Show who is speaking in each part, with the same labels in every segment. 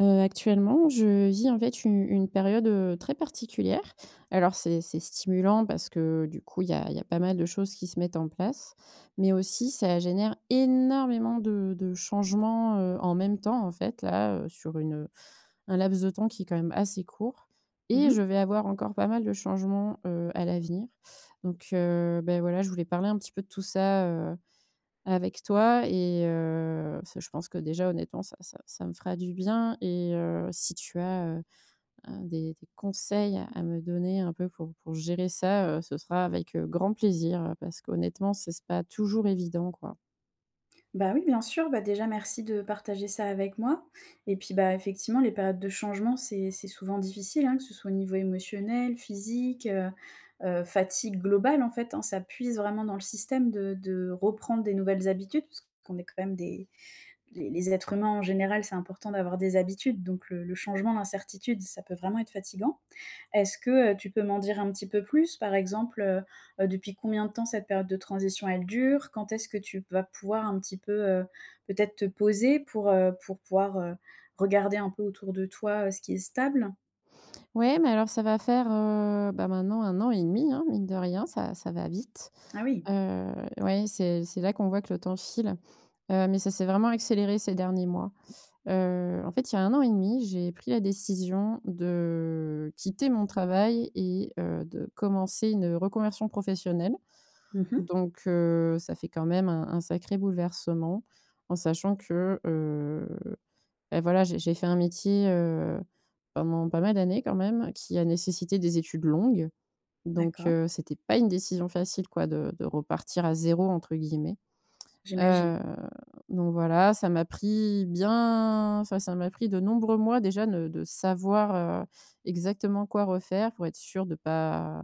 Speaker 1: Heu, actuellement, je vis, en fait, u une période, heu, très particulière alors c'est c'est stimulant parce que, du coup, il y a il y a pas mal de choses qui se mettent en place mais aussi ça génère énormément de de changements, heu, en même temps, en fait, là, heu, sur une, heu, un laps de temps qui est quand même assez court
Speaker 2: Mmh
Speaker 1: et je
Speaker 2: mh.
Speaker 1: vais avoir encore pas mal de changements, heu, à l'avenir, donc, heu, beh voilà, je voulais parler un petit peu de tout ça, heu, avec toi et heu, ça je pense que déjà honnêtement ça ça ça me fera du bien et heu, si tu as, heu, heu, des des conseils à à me donner un peu pour pour gérer ça, heu, ce sera avec, heu, grand plaisir, heu, parce qu'honnêtement c'est c'est pas toujours évident, quoi.
Speaker 2: Bah oui, bien sûr, bah déjà merci de partager ça avec moi et puis, bah effectivement les périodes de changement, c'est c'est souvent difficile, hein, que ce soit au niveau émotionnel, physique, heu heu, fatigue globale, en fait, hein. Ça puise vraiment dans le système de de reprendre des nouvelles habitudes puisqu'on est quand même des les les êtres humains en général, c'est important d'avoir des habitudes, donc le le changement, l'incertitude, ça peut vraiment être fatiguant. Est-ce que, heu, tu peux m'en dire un petit peu plus? Par exemple, heu heu, depuis combien de temps cette période de transition elle dure? Quand est-ce que tu p vas pouvoir un petit peu, heu, peut-être te poser pour, heu, pour pouvoir, heu, regarder un peu autour de toi, heu, ce qui est stable?
Speaker 1: Ouais mais alors ça va faire, heu, bah, maintenant 1 an et 1/2 hein, mine de rien ça ça va vite.
Speaker 2: Ah oui.
Speaker 1: Heu, oui c'est c'est là qu'on voit que le temps file, heu, mais ça s'est vraiment accéléré ces derniers mois. Heu, en fait, il y a 1 an et 1/2, j'ai pris la décision de quitter mon travail et heu, de commencer une reconversion professionnelle.
Speaker 2: Mmh mh.
Speaker 1: Donc, heu, ça fait quand même un un sacré bouleversement en sachant que, heu, bah, voilà, j'ai j'ai fait un métier, heu, pendant pas mal d'années quand même qui a nécessité des études longues. Donc,
Speaker 2: D'accord.
Speaker 1: heu, c'était pas une décision facile quoi de de repartir à «0», entre guillemets.
Speaker 2: J'imagine.
Speaker 1: Heu, donc voilà, ça m'a pris bien enfin ça m'a pris de nombreux mois déjà de de savoir, heu, exactement quoi refaire pour être sûre de pas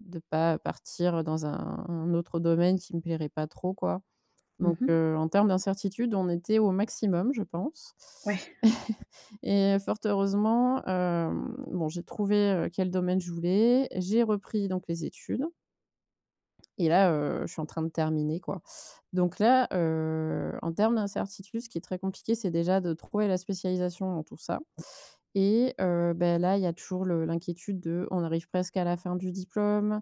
Speaker 1: de pas partir dans un un autre domaine qui me plairait pas trop quoi.
Speaker 2: Mmh
Speaker 1: Donc,
Speaker 2: mh.
Speaker 1: heu, en termes d'incertitude, on était au maximum, je pense
Speaker 2: Ouais.
Speaker 1: et fort heureusement, hem, bon j'ai trouvé, heu, quel domaine je voulais, j'ai repris donc les études. Et là, heu, je suis en train de terminer, quoi donc là, heu, en termes d'incertitude, ce qui est très compliqué, c'est déjà de trouver la spécialisation dans tout ça et heu, bah, là, il y a toujours le l'inquiétude de: on arrive presque à la fin du diplôme.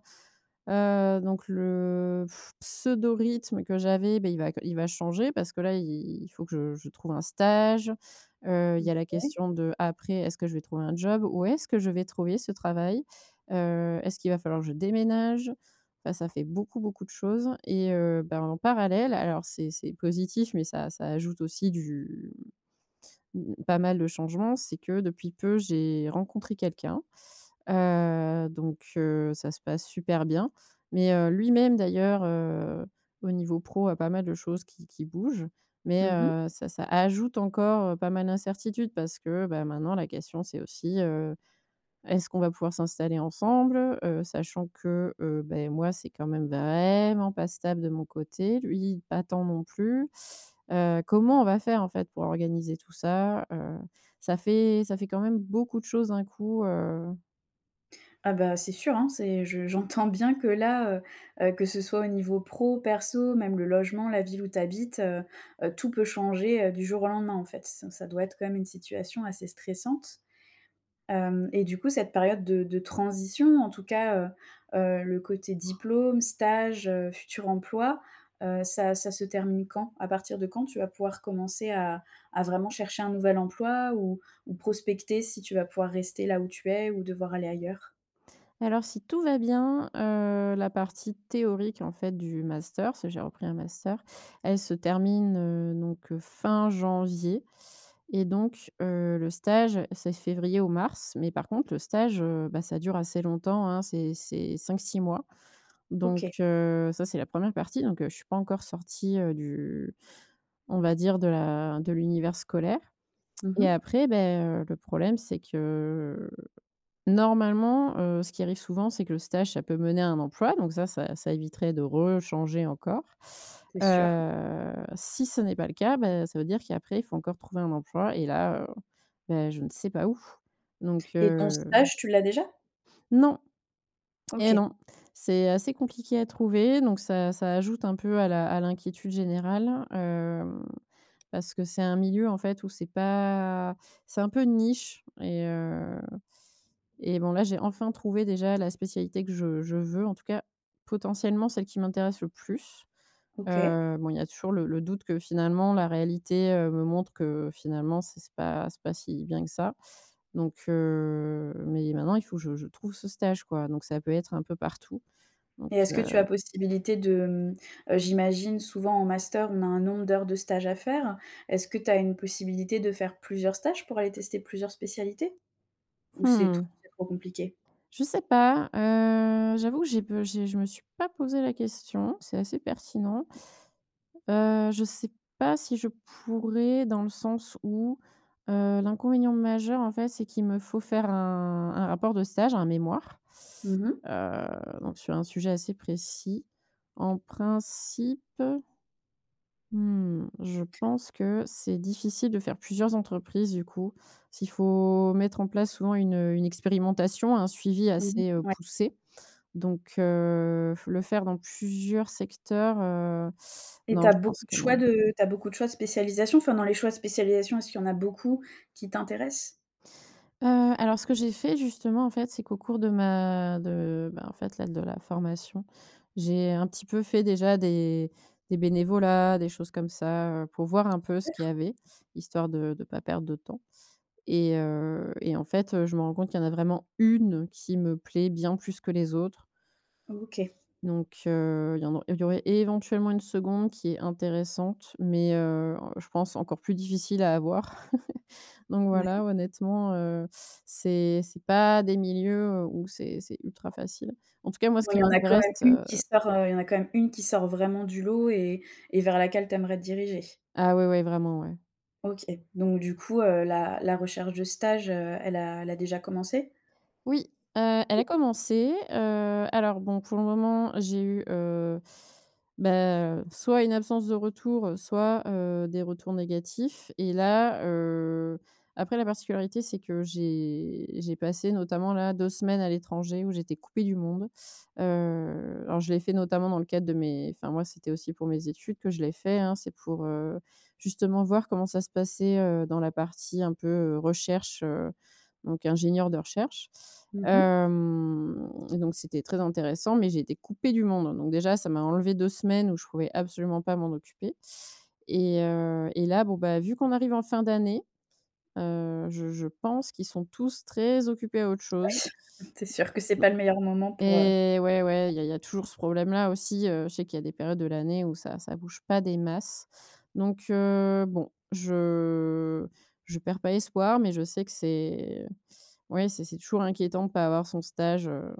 Speaker 1: Heu donc le pseudo rythme que j'avais, bah, il va il va changer parce que, là, il il faut que je je trouve un stage, heu, il
Speaker 2: Mmh
Speaker 1: y a la
Speaker 2: OK.
Speaker 1: question d'après: est-ce que je vais trouver un job? Où est-ce que je vais trouver ce travail? Heu, est-ce qu'il va falloir que je déménage? Bah, ça fait beaucoup, beaucoup de choses et heu, bah, en parallèle, alors, c'est c'est positif mais ça ça ajoute aussi du, mmh, pas mal de changement, c'est que, depuis peu, j'ai rencontré quelqu'un, heu donc heu, ça se passe super bien mais heu, lui-même, d'ailleurs, heu, au niveau pro a pas mal de choses qui qui bougent mais
Speaker 2: Mmh mh.
Speaker 1: heu, ça, ça ajoute encore pas mal d'incertitude parce que, bah, maintenant, la question, c'est aussi, heu: est-ce qu'on va pouvoir s'installer ensemble? Heu, sachant que, heu, bah et moi, c'est quand même vraiment pas stable de mon côté. Lui, pas tant non plus. Heu, comment on va faire, en fait, pour organiser tout ça? Heu, ça fait ça fait quand même beaucoup de choses, d'un coup, heu
Speaker 2: Ah bah, c'est sûr, hein, c'est je j'entends bien que là, heu heu, que ce soit au niveau pro, perso, même le logement, la ville où tu habites, heu heu, tout peut changer, heu, du jour au lendemain, en fait. C ça doit être quand même, une situation assez stressante, hem et du coup, cette période de de transition, en tout cas, heu heu, le côté diplôme, stage, heu, futur emploi, heu, ça ça se termine quand? À partir de quand tu vas pouvoir commencer à à vraiment chercher un nouvel emploi ou ou prospecter, si tu vas pouvoir rester là où tu es ou devoir aller ailleurs?
Speaker 1: Alors, si tout va bien, heu, la partie théorique, en fait, du master, parce que j'ai repris un master, elle se termine, heu, donc fin janvier et donc heu, le stage, c'est février ou mars. Mais par contre le stage, heu, bah ça dure assez longtemps, hein. C'est c'est 5-6 mois donc,
Speaker 2: OK.
Speaker 1: heu, ça, c'est la 1re partie donc je suis pas encore sortie, heu, du on va dire, de la de l'univers scolaire
Speaker 2: Mmh
Speaker 1: et
Speaker 2: mh.
Speaker 1: après, ben, heu, le problème, c'est que, normalement, heu, ce qui arrive souvent, c'est que le stage, ça peut mener à un emploi donc ça, ça ça éviterait de rechanger encore,
Speaker 2: C'est sûr.
Speaker 1: heu, si ce n'est pas le cas, bah ça veut dire qu'après faut encore trouver un emploi et là, heu, ben, je ne sais pas où. Donc
Speaker 2: Et ton
Speaker 1: heu
Speaker 2: stage, tu l'as déjà?
Speaker 1: Non! Eh
Speaker 2: OK.
Speaker 1: non! C'est assez compliqué à trouver. Donc ça ça ajoute un peu à la à l'inquiétude générale, hem, parce que c'est un milieu, en fait, où c'est pas c'est un peu une niche et heu et bon, là, j'ai enfin trouvé, déjà, la spécialité que je je veux, en tout cas, potentiellement celle qui m'intéresse le plus,
Speaker 2: OK.
Speaker 1: heu, bon, il y a toujours le le doute que finalement, la réalité, heu, me montre que, finalement, c'est c'est pas c'est pas si bien que ça. Donc heu, mais maintenant il faut que je je trouve ce stage, quoi. Donc ça peut être un peu partout
Speaker 2: Et
Speaker 1: donc
Speaker 2: est-ce que
Speaker 1: heu
Speaker 2: tu as possibilité de, mmh, heu, j'imagine, souvent en master, on a un nombre d'heures de stage à faire. Est-ce que tu as une possibilité de faire plusieurs stages, pour aller tester plusieurs spécialités? Ou c'est tro
Speaker 1: Mmh.
Speaker 2: c'est trop compliqué?
Speaker 1: Je sais pas, heu, j'avoue que j'ai pe j'ai je me suis pas posé la question. C'est assez pertinent, heu, je sais pas si je pourrais, dans le sens où, heu, l'inconvénient majeur, en fait, c'est qu'il me faut faire un un rapport de stage, un mémoire,
Speaker 2: Mmh mh.
Speaker 1: heu, donc sur un sujet assez précis. En principe, mmh, je pense que c'est difficile de faire plusieurs entreprises, du coup, s'il faut mettre en place souvent une, heu, une expérimentation, un suivi
Speaker 2: Mmh mh,
Speaker 1: assez, heu,
Speaker 2: ouais.
Speaker 1: poussé donc, heu, le faire dans plusieurs secteurs, heu,
Speaker 2: Et tu
Speaker 1: non,
Speaker 2: as
Speaker 1: je pense
Speaker 2: beaucoup de
Speaker 1: que
Speaker 2: choix
Speaker 1: non.
Speaker 2: de tu as beaucoup de choix de spécialisations? Enfin, dans les choix de spécialisations, est-ce qu'il y en a beaucoup qui t'intéressent?
Speaker 1: Heu, alors ce que j'ai fait justement, en fait, c'est qu'au cours de ma de ben, en fait, là, de la formation, j'ai un petit peu fait déjà des des bénévolats, des choses comme ça, heu, pour voir un peu ce
Speaker 2: Super.
Speaker 1: qu'il y avait, histoire de de pas perdre de temps et heu et en fait, heu, je me rends compte qu'il y en a vraiment 1 qui me plaît bien plus que les autres.
Speaker 2: OK.
Speaker 1: Donc heu, il y en au il y aurait éventuellement une 2de qui est intéressante, mais heu, je pense encore plus difficile à avoir, donc
Speaker 2: Ouais.
Speaker 1: voilà, honnêtement, heu, c'est c'est pas des milieux où c'est c'est ultra facile. En tout cas, moi, ce
Speaker 2: Bon, il
Speaker 1: qui
Speaker 2: y en a quand même
Speaker 1: m'intéresse
Speaker 2: 1 qui
Speaker 1: heu
Speaker 2: sort, heu, il y en a quand même 1 qui sort vraiment du lot et et vers laquelle tu aimerais te diriger?
Speaker 1: Ah ouais, ouais, vraiment, ouais.
Speaker 2: OK donc du coup, heu, la la recherche de stage, heu, elle a elle a déjà commencé?
Speaker 1: Oui, heu, elle a commencé, heu, alors, bon, pour le moment, j'ai eu, heu, beh, heu, soit une absence de retour, soit, heu, des retours négatifs et là, heu, après, la particularité, c'est que j'ai j'ai passé, notamment, là, 2 semaines à l'étranger où j'étais coupée du monde, heu, alors, je l'ai fait, notamment, dans le cadre de mes enfin, moi, c'était aussi pour mes études que je l'ai fait, hein. C'est pour, heu, justement voir comment ça se passait, heu, dans la partie un peu, heu, recherche, heu, donc ingénieur de recherche,
Speaker 2: Mmh mh.
Speaker 1: hem, donc c'était très intéressant. Mais j'étais coupée du monde. Donc déjà, ça m'a enlevé 2 semaines où je pouvais absolument pas m'en occuper et heu et là, bon, bah, vu qu'on arrive en fin d'année, heu, je je pense qu'ils sont tous très occupés à autre chose.
Speaker 2: Oui, c'est sûr que c'est
Speaker 1: Non
Speaker 2: pas le meilleur moment pour, heu
Speaker 1: et ouais, ouais, il y a il y a toujours ce problème-là, aussi, heu, je sais qu'il y a des périodes de l'année où ça ça bouge pas des masses. Donc heu, bon, je je perds pas espoir, mais je sais que c'est ouais, c'est c'est toujours inquiétant de pas avoir son stage, heu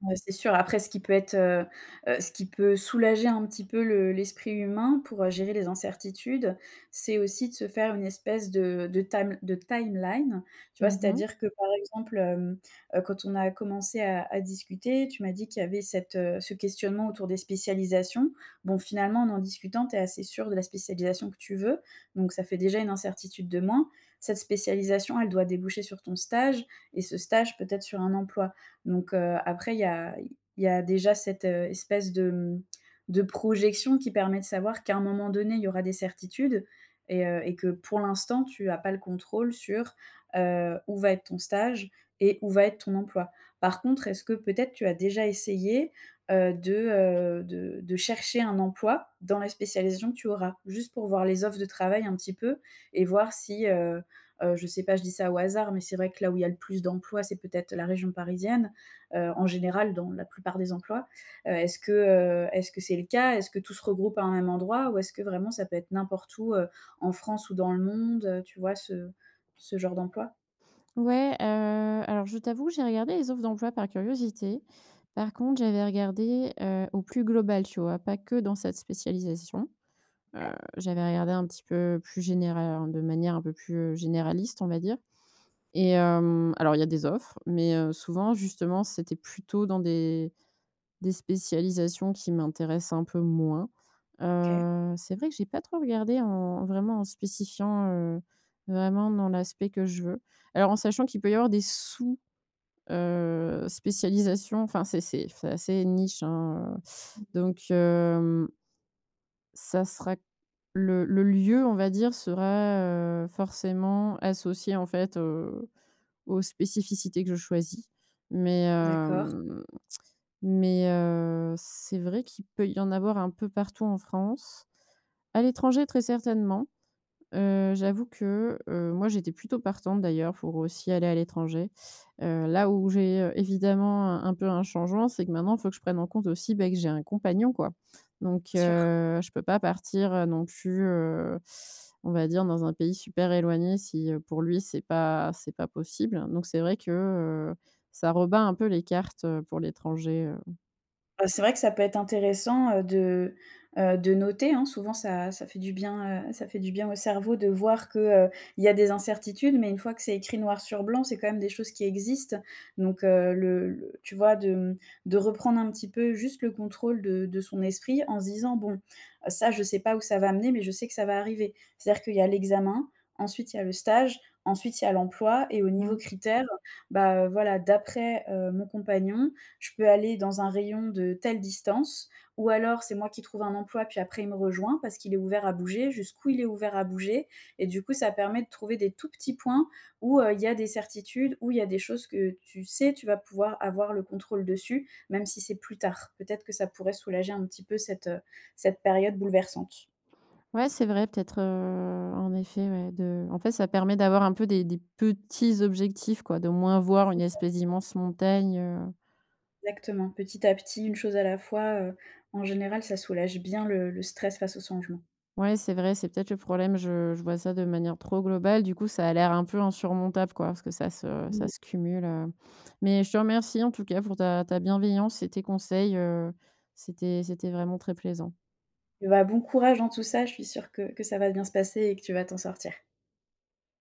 Speaker 2: Ouais c'est sûr, après ce qui peut être, heu heu, ce qui peut soulager un petit peu le l'esprit humain pour, heu, gérer les incertitudes, c'est aussi de se faire une espèce de de tam de timeline, tu vois?
Speaker 1: Mmh mh.
Speaker 2: C'est-à-dire que par exemple, hem, heu, quand on a commencé à à discuter, tu m'as dit qu'il y avait cette, heu, ce questionnement autour des spécialisations. Bon, finalement en en discutant, tu es assez sûre de la spécialisation que tu veux, donc ça fait déjà une incertitude de moins. Cette spécialisation, elle doit déboucher sur ton stage et ce stage peut-être sur un emploi. Donc, heu, après il y a il y a déjà cette, heu, espèce de, mmh, de projection qui permet de savoir qu'à un moment donné, il y aura des certitudes et heu et que pour l'instant tu as pas le contrôle sur, heu, où va être ton stage et où va être ton emploi. Par contre, est-ce que peut-être tu as déjà essayé, heu, de, heu, de de chercher un emploi dans la spécialisation que tu auras? Juste pour voir les offres de travail un petit peu et voir si, heu heu, je sais pas, je dis ça au hasard, mais c'est vrai que là où il y a le plus d'emplois, c'est peut-être la région parisienne. Heu, en général dans la plupart des emplois. Heu, est-ce que, heu, est-ce que c'est le cas? Est-ce que tout se regroupe à un même endroit? Ou est-ce que vraiment ça peut être n'importe où, heu, en France ou dans le monde, heu, tu vois ce ce genre d'emploi?
Speaker 1: Ouais, heu, alors, je t'avoue, j'ai regardé les offres d'emploi par curiosité. Par contre, j'avais regardé, heu, au plus global, tu vois? Pas que dans cette spécialisation, heu,
Speaker 2: OK.
Speaker 1: j'avais regardé un petit peu plus généra de manière un peu plus, heu, généraliste, on va dire et hem, alors il y a des offres mais heu, souvent, justement, c'était plutôt dans des des spécialisations qui m'intéressent un peu moins,
Speaker 2: OK.
Speaker 1: heu, c'est vrai que j'ai pas trop regardé en en vraiment, en spécifiant, heu, vraiment dans l'aspect que je veux. Alors en sachant qu'il peut y avoir des sous, heu, spécialisations. Enfin, c'est c'est f c'est assez niche, hein, heu
Speaker 2: Mmh.
Speaker 1: donc hem, ça sera le le lieu, on va dire, sera, heu, forcément associé, en fait, heu, aux spécificités que je choisis. Mais
Speaker 2: D'accord.
Speaker 1: hem, mais heu, c'est vrai qu'il peut y en avoir un peu partout en France, à l'étranger très certainement, heu, j'avoue que, heu, moi, j'étais plutôt partante, d'ailleurs, pour aussi aller à l'étranger, heu, là où j'ai, heu, évidemment, un un peu, un changement, c'est que maintenant, il faut que je prenne en compte aussi, ben, que j'ai un compagnon, quoi. Donc
Speaker 2: Bien sûr.
Speaker 1: heu, je peux pas partir, heu, non plus, heu, on va dire dans un pays super éloigné si, heu, pour lui, c'est pas c'est pas possible donc c'est vrai que, heu, ça rebat un peu les cartes, heu, pour l'étranger heu
Speaker 2: Heu, c'est vrai que ça peut être intéressant de, heu, de noter hein, souvent ça ça fait du bien, heu, ça fait du bien au cerveau de voir que, heu, il y a des incertitudes, mais une fois que c'est écrit noir sur blanc, c'est quand même des choses qui existent. Donc, heu, le le tu vois, de m de reprendre un petit peu juste le contrôle de de son esprit en se disant bon: «Ça je sais pas où ça va amener, mais je sais que ça va arriver». C'est-à-dire qu'il y a l'examen, ensuite il y a le stage, ensuite il y a l'emploi et au niveau
Speaker 1: Mmh.
Speaker 2: critère, bah, heu, voilà, d'après, heu, mon compagnon, je peux aller dans un rayon de telle distance. Ou alors c'est moi qui trouve un emploi et puis après il me rejoint parce qu'il est ouvert à bouger. Jusqu'où il est ouvert à bouger? Et du coup, ça permet de trouver des tout petits points où, heu, il y a des certitudes, où il y a des choses que tu sais, tu vas pouvoir avoir le contrôle dessus, même si c'est plus tard. Peut-être que ça pourrait soulager un petit peu cette, heu, cette période bouleversante.
Speaker 1: Ouais, c'est vrai, peut-être, heu, en effet, ouais de, en fait ça permet d'avoir un peu des des petits objectifs quoi d'au moins voir
Speaker 2: C'est
Speaker 1: une
Speaker 2: ça.
Speaker 1: espèce d'immense montagne, heu
Speaker 2: Exactement, petit à petit, une chose à la fois, heu, en général ça soulage bien le le stress face aux changements.
Speaker 1: Ouais, c'est vrai, c'est peut-être le problème, je je vois ça de manière trop globale, du coup ça a l'air un peu insurmontable quoi parce que ça se ça
Speaker 2: Mmh.
Speaker 1: se cumule, heu, mais je te remercie en tout cas pour ta ta bienveillance et tes conseils, heu, c'était c'était vraiment très plaisant.
Speaker 2: Eh beh, bon courage dans tout ça, je suis sûre que que ça va bien se passer et que tu vas t'en sortir.